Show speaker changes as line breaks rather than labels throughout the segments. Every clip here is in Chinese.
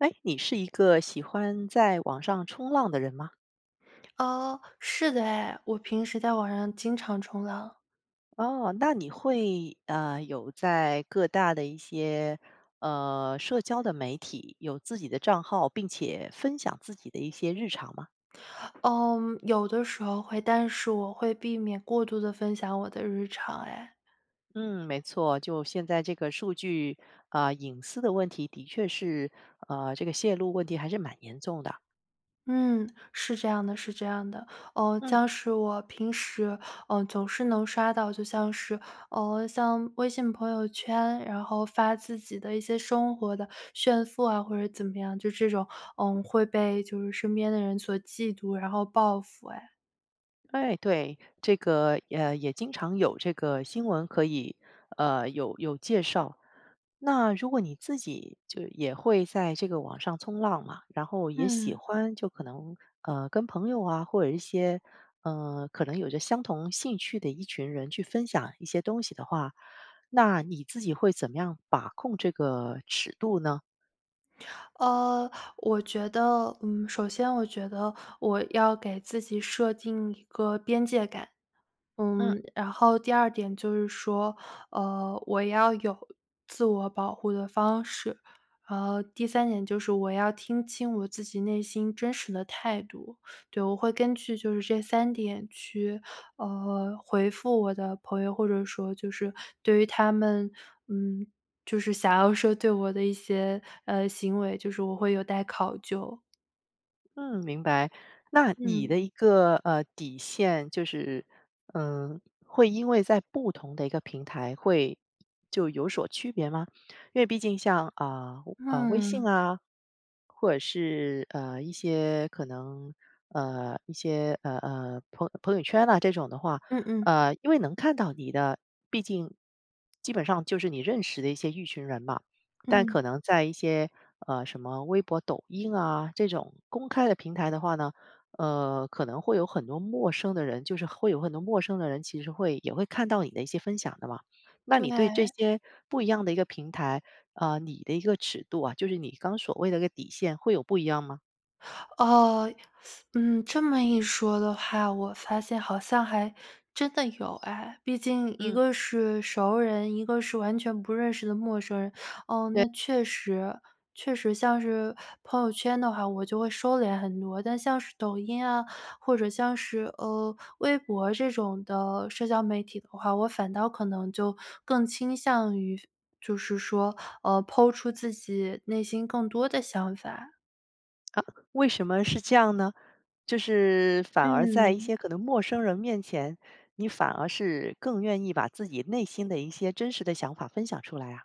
诶，你是一个喜欢在网上冲浪的人吗？
哦，是的哎，我平时在网上经常冲浪。
哦，那你会，呃有在各大的一些，呃社交的媒体有自己的账号，并且分享自己的一些日常吗？
嗯有的时候会，但是我会避免过度地分享我的日常哎。
嗯，没错，就现在这个数据，呃隐私的问题，的确是，呃这个泄露问题还是蛮严重的。
嗯，是这样的是这样的。呃，
嗯。
像是我平时，呃总是能刷到，就像是，呃像微信朋友圈，然后发自己的一些生活的炫富啊，或者怎么样，就这种，呃会被就是身边的人所嫉妒，然后报复哎。
哎，对，这个，呃也经常有这个新闻，可以呃有有介绍。那如果你自己就也会在这个网上冲浪嘛，然后也喜
嗯。
欢，就可能，呃跟朋友啊，或者一些，呃可能有着相同兴趣的一群人去分享一些东西的话，那你自己会怎么样把控这个尺度呢？
呃，我觉得，嗯，首先我觉得我要给自己设定一个边界感。
嗯。
嗯，然后第2点就是说，呃，我要有自我保护的方式。然后第3点就是我要听清我自己内心真实的态度。对，我会根据就是这3点去，呃，回复我的朋友或者说就是对于他们，嗯，就是想要说对我的一些，呃，行为，就是我会有待考究。
嗯，明白，那你
嗯。
的一个，呃，底线就是，嗯，会因为在不同的一个平台会就有所区别吗？因为毕竟像，啊，啊，微信
嗯。
啊，或者是，呃，一些可能，呃，一些，呃呃，朋友朋友圈啊，这种的话，
嗯嗯。
呃，因为能看到你的毕竟基本上就是你认识的一些一群人嘛。但
嗯。
可能在一些，呃，什么微博抖音啊，这种公开的平台的话呢，呃，可能会有很多陌生的人，就是会有很多陌生的人，其实会也会看到你的一些分享的嘛。那你对这
对。
些不一样的一个平台，呃，你的一个尺度啊，就是你刚所谓的一个底线会有不一样吗？
哦，嗯，这么一说的话，我发现好像还真的有哎，毕竟一
嗯。
个是熟人，一个是完全不认识的陌生人，哦，
对。
那确实。确实像是朋友圈的话，我就会收敛很多，但像是抖音啊，或者像是，呃，微博这种的社交媒体的话，我反倒可能就更倾向于就是说，呃，po 出自己内心更多的想法。
啊，为什么是这样呢？就是反而在一
嗯。
些可能陌生人面前，你反而是更愿意把自己内心的一些真实的想法分享出来啊？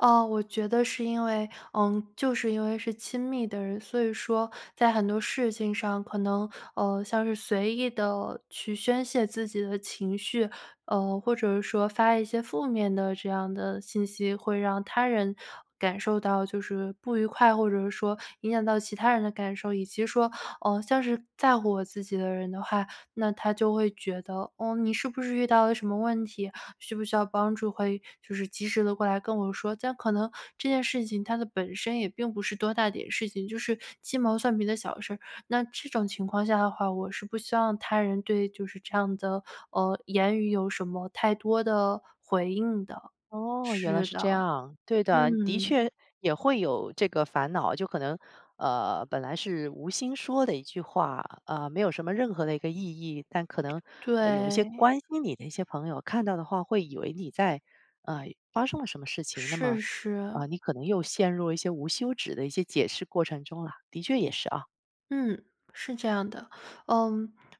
呃，我觉得是因为，呃就是因为是亲密的人，所以说在很多事情上可能，呃像是随意地去宣泄自己的情绪，呃，或者是说发一些负面的这样的信息，会让他人感受到就是不愉快，或者是说影响到其他人的感受。以及说，呃，像是在乎我自己的人的话，那他就会觉得，哦，你是不是遇到了什么问题？需不需要帮助？会就是及时地过来跟我说。这样可能这件事情它的本身也并不是多大点事情，就是鸡毛蒜皮的小事儿。那这种情况下的话，我是不希望他人对就是这样的，呃言语有什么太多的回应的。
哦，原来
是
是这
的，
样！对的，的
嗯。
确也会有这个烦恼。就可能，呃本来是无心说的一句话，呃，没有什么任何的一个意义，但可能有一些
对。
关心你的一些朋友看到的话，会以为你在，呃发生了什么事情，那么，
是是。
呃，你可能又陷入了一些无休止的一些解释过程中啦。的确也是啊。
嗯，是这样的。呃，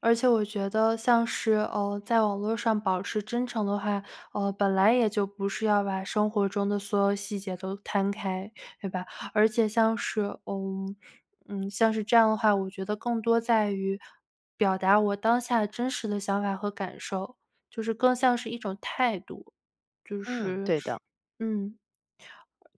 而且我觉得像是，呃在网络上保持真诚的话，呃本来也就不是要把生活中的所有细节都摊开，对吧？而且像是呃嗯像是这样的话，我觉得更多在于表达我当下真实的想法和感受，就是更像是一种态度，就
嗯，
是
对的。
嗯。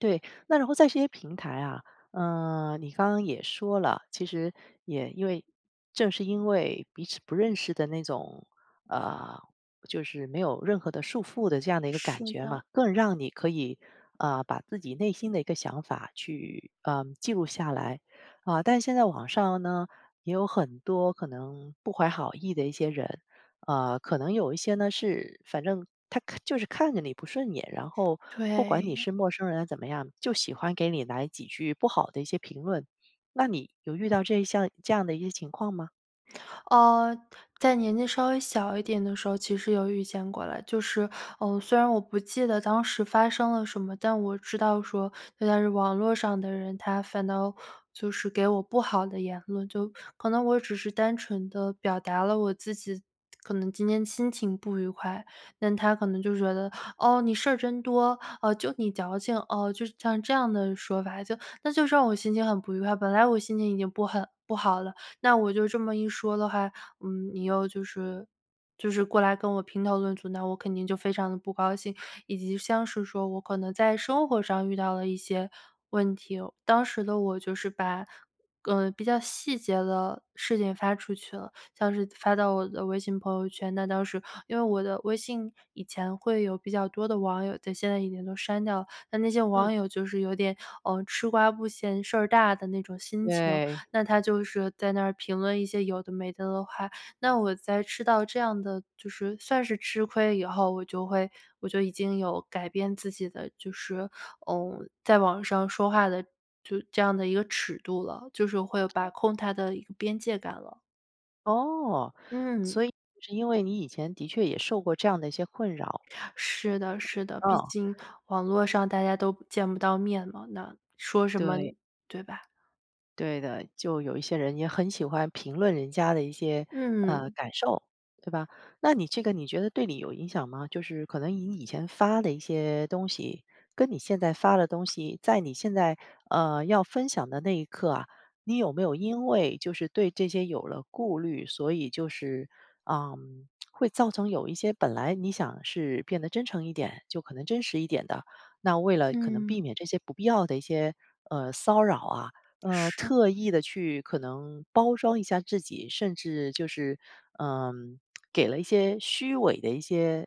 对，那然后在这些平台啊，呃你刚刚也说了，其实也因为正是因为彼此不认识的那种，呃就是没有任何的束缚的这样的一个感
是
觉
的。
嘛，更让你可以，呃，把自己内心的一个想法去，呃记录下来。啊，但现在网上呢，有很多可能不怀好意的一些人，啊可能有一些呢，是反正他看就是看着你不顺眼，然后不管你
对。
是陌生人怎么样，就喜欢给你来几句不好的一些评论。那你有遇到这一项这样的一些情况吗？
呃，在年纪稍微小一点的时候，其实有遇见过了。就是，呃虽然我不记得当时发生了什么，但我知道说有的是网络上的人，他反倒就是给我不好的言论，就可能我只是单纯地表达了我自己可能今天心情不愉快，但他可能就觉得，哦，你事儿真多，呃，就你矫情，哦，就是像这样的说法。就那就是让我心情很不愉快，本来我心情已经不很不好了，那我就这么一说的话，嗯，你又就是就是过来跟我评头论足，那我肯定就非常地不高兴。以及像是说我可能在生活上遇到了一些问题哦，当时的我就是把，呃比较细节的事情发出去了，像是发到我的微信朋友圈，那当时因为我的微信以前会有比较多的网友在，现在已经都删掉了。但那些
嗯。
网友就是有点，呃，吃瓜不嫌事儿大的那种心情，
对。
那他就是在那儿评论一些有的没的的话，那我在吃到这样的就是算是吃亏以后，我就会我就已经有改变自己的，就是，嗯在网上说话的就这样的一个尺度了，就是会把控它的一个边界感了。
哦，
嗯。
所以是因为，你以前的确也受过这样的一些困扰。
是的是的，毕
嗯。
竟网络上大家都见不到面嘛，那说什么？
对。
对吧？
对的，就有一些人也很喜欢评论人家的一些，呃
嗯。
感受，对吧？那你这个你觉得对你有影响吗？就是可能你以前发的一些东西，跟你现在发的东西，在你现在，呃要分享的那一刻啊，你有没有因为就是对这些有了顾虑，所以就是，嗯 会造成有一些本来你想是变得真诚一点就可能真实一点的，那为了可能避
嗯。
免这些不必要的一些，呃骚扰啊，呃
是。
特意地去可能包装一下自己？甚至就是，呃给了一些虚伪的一些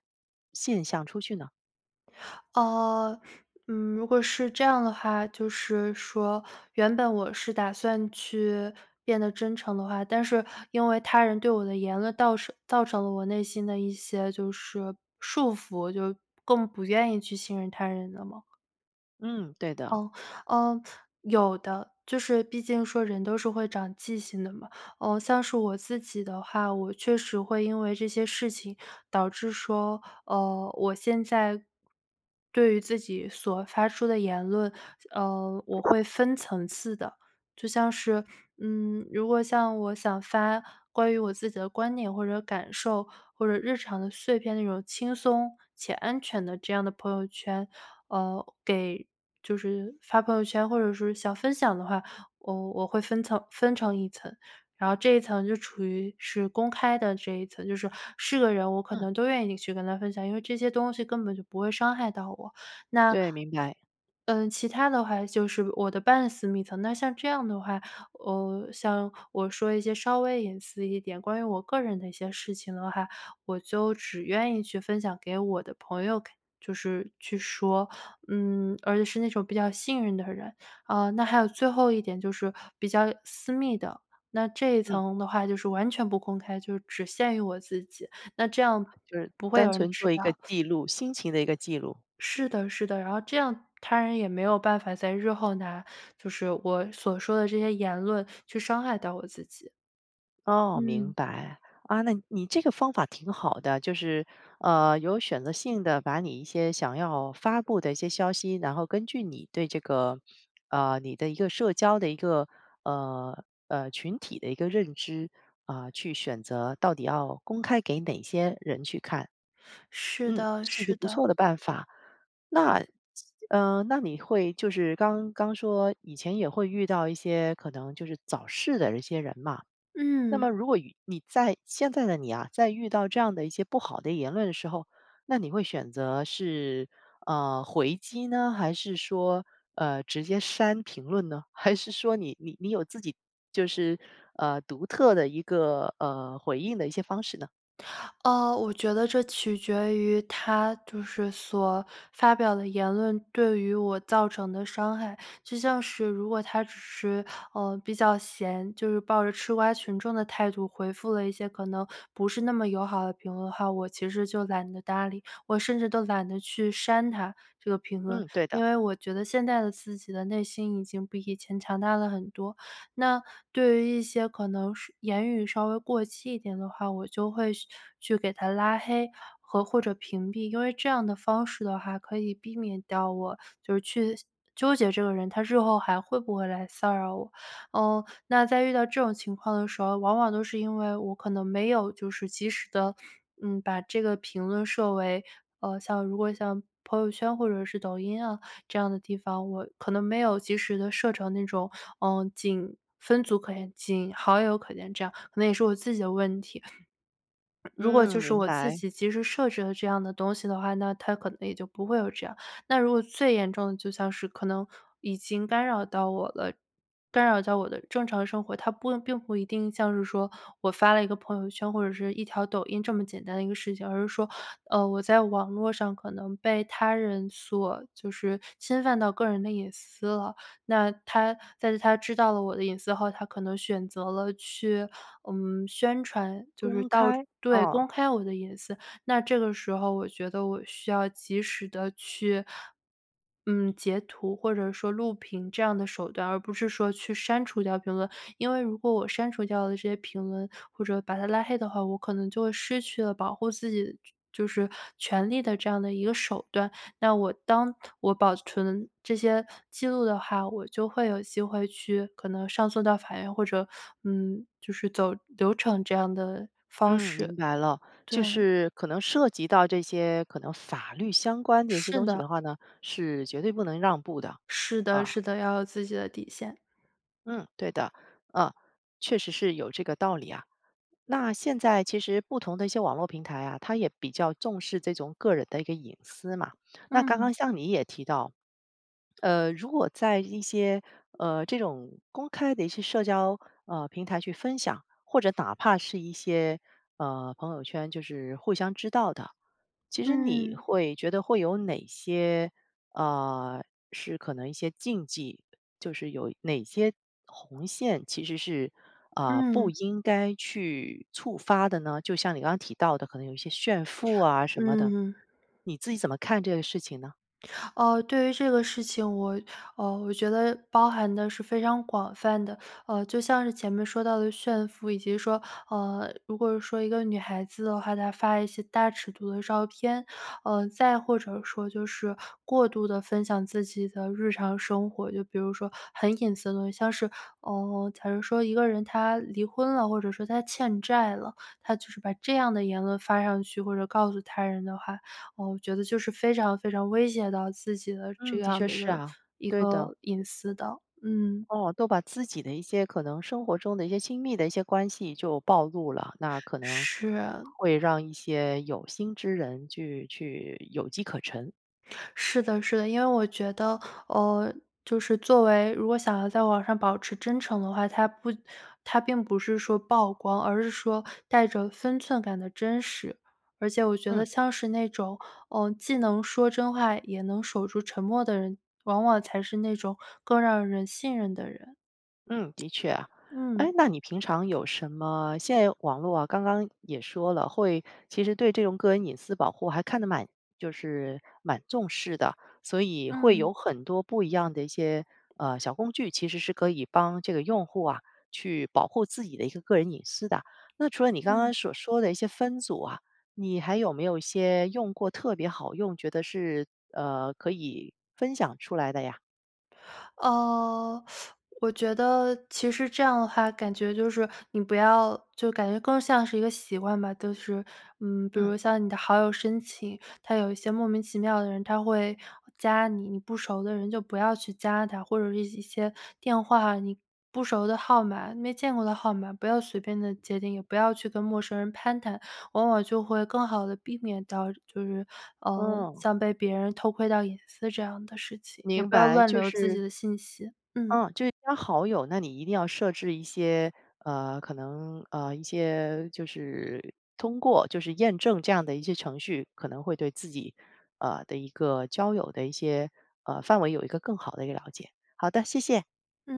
现象出去呢？
呃，嗯，如果是这样的话，就是说，原本我是打算去，变得真诚的话，但是因为他人对我的言论倒是造成了我内心的一些就是，束缚，就更不愿意去信任他人的吗？
嗯，对的。
哦，呃，有的。就是毕竟说人都是会长记性的嘛。呃，像是我自己的话，我确实会因为这些事情，导致说，呃，我现在，对于自己所发出的言论，呃，我会分层次的。就像是，嗯，如果像我想发，关于我自己的观点或者感受，或者日常的碎片的那种轻松、且安全的这样的朋友圈，呃，给就是发朋友圈或者是想分享的话，我，我会分层分成一层。然后这一层就处于是公开的这一层，就是，是个人我可
嗯。
能都愿意你去跟他分享。因为这些东西根本就不会伤害到我。那
对，明白。
呃，其它的话就是我的半私密的，那像这样的话，呃，像我说一些稍微隐私一点关于我个人的一些事情的话，我就只愿意去分享给我的朋友看就是去说，嗯，而且是那种比较幸运的人。呃，那还有最后一点就是比较私密的，那这一
嗯。
层的话，就是完全不公开，就只限于我自己，那这样，
就是
不会
单
有人
纯
知
做一个
道。
记录，心情的一个记录。
是的是的。然后这样他人也没有办法在日后拿就是我所说的这些言论去伤害到我自己。
哦，明
嗯。
白。啊，那你这个方法挺好的，就是，呃，有选择性地把你一些想要发布的一些消息，然后根据你对这个，呃，你的一个社交的一个，呃呃，群体的一个认知，啊，去选择到底要公开给哪些人去看。
是
嗯，
的
是一个
是
不
的。
错的办法。那，这那你会就是刚刚说以前也会遇到一些，可能就是找事的一些人嘛，那
嗯。
么如果遇你在现在的你啊，在遇到这样的一些不好的言论的时候，那你会选择是，呃，回击呢？还是说，呃，直接删评论呢？还是说你你你有自己就是，呃，独特的一个，呃，回应的一些方式呢？
呃，我觉得这取决于他就是所发表的言论对于我造成的伤害，就像是如果他只是，呃，比较闲，就是抱着吃瓜群众的态度回复了一些可能不是那么友好的评论的话，我其实就懒得搭理，我甚至都懒得去删他这个评论。
嗯，对的。
因为我觉得现在的自己的内心已经比以前强大了很多。那对于一些可能是言语稍微过激一点的话，我就会去去给他拉黑和或者屏蔽，因为这样的方式的话可以避免掉我就是去纠结这个人他日后还会不会来骚扰我。呃，那在遇到这种情况的时候，往往都是因为我可能没有就是及时地，嗯，把这个评论设为呃，像如果像朋友圈或者是抖音啊这样的地方，我可能没有及时地设成那种，呃，仅分组可见，仅好友可见这样，可能也是我自己的问题。如果
嗯，
就是
明
我自
白。
己及时设置了这样的东西的话，那他可能也就不会有这样。那如果最严重的就像是可能已经干扰到我了，干扰到我的正常生活，它不并不一定像是说我发了一个朋友圈或者是一条抖音这么简单的一个事情，而是说，呃，我在网络上可能被他人所就是侵犯到个人的隐私了。那他在他知道了我的隐私后，他可能选择了去，嗯，宣传，就是
公
到
开？
对公
啊。
开我的隐私，那这个时候我觉得我需要及时地去，嗯，截图或者说录屏这样的手段，而不是说去删除掉评论，因为如果我删除掉了这些评论，或者把他拉黑的话，我可能就会失去了保护自己就是权利的这样的一个手段。那我当我保存这些记录的话，我就会有机会去可能上诉到法院，或者，嗯，就是走流程这样的方
嗯，明
式。
白了。就
对。
是可能涉及到这些可能法律相关的一些
是
东西
的。
的话呢，是绝对不能让步的，
是的
啊。
是的。要有自己的底线。
嗯，对的。呃，确实是有这个道理啊，那现在其实不同的一些网络平台啊，它也比较重视这种个人的一个隐私嘛，那刚刚
嗯。
像你也提到，呃，如果在一些，呃，这种公开的一些社交，呃，平台去分享，或者哪怕是一些，呃，朋友圈就是互相知道的，其实你
嗯。
会觉得会有哪些，呃，是可能一些禁忌？就是有哪些红线，其实是，呃，不
嗯。
应该去触发的呢？就像你刚刚提到的，可能有一些炫富啊什么的，
嗯。
你自己怎么看这个事情呢？
呃，对于这个事情，我呃，我觉得包含的是非常广泛的，呃，就像是前面说到的炫富，以及说，呃，如果说一个女孩子的话，她发一些大尺度的照片。呃，再或者说就是过度地分享自己的日常生活，就比如说很隐私的东西，像是，呃，假如说一个人他离婚了，或者说他欠债了，他就是把这样的言论发上去或者告诉他人的话，我觉得就是非常非常威胁到自己的这
嗯，的
样
确
的一
是
个
啊。
一
对的。
个隐私的，嗯。
哦，都把自己的一些可能生活中的一些亲密的一些关系就暴露了，那可能
是啊。
会让一些有心之人去去有机可乘。
是的是的，因为我觉得，呃就是作为如果想要在网上保持真诚的话，它不它并不是说曝光，而是说带着分寸感的真实。而且我觉
嗯。
得像是那种，呃，既能说真话也能守住沉默的人，往往才是那种更让人信任的人。
嗯，的确。诶。
嗯。
那你平常有什么现在网络啊，刚刚也说了会其实对这种个人隐私保护还看得蛮就是蛮重视的。所以会有
嗯。
很多不一样的一些，呃小工具，其实是可以帮这个用户啊，去保护自己的一个个人隐私的。那除了你刚
嗯。
刚所说的一些分组啊，你还有没有一些用过特别好用，觉得是，呃可以分享出来的呀？
呃，我觉得其实这样的话，感觉就是你不要就感觉更像是一个习惯吧。就是，嗯，比
嗯。
如像你的好友申请，它有一些莫名其妙的人，他会加你，你不熟的人就不要去加他。或者是一些电话，你不熟的号码，没见过的号码，不要随便地接听。也不要去跟陌生人攀谈，往往就会更好地避免到就是，呃
嗯。
像被别人偷窥到隐私这样的事情，也
明
不要
白，
乱
就
留自
是
己的信息，嗯。
嗯，就是加好友，那你一定要设置一些，呃可能，呃一些就是通过就是验证这样的一些程序，可能会对自己，呃的一个交友的一些，呃，范围有一个更好的一个了解。好的，谢谢。
嗯。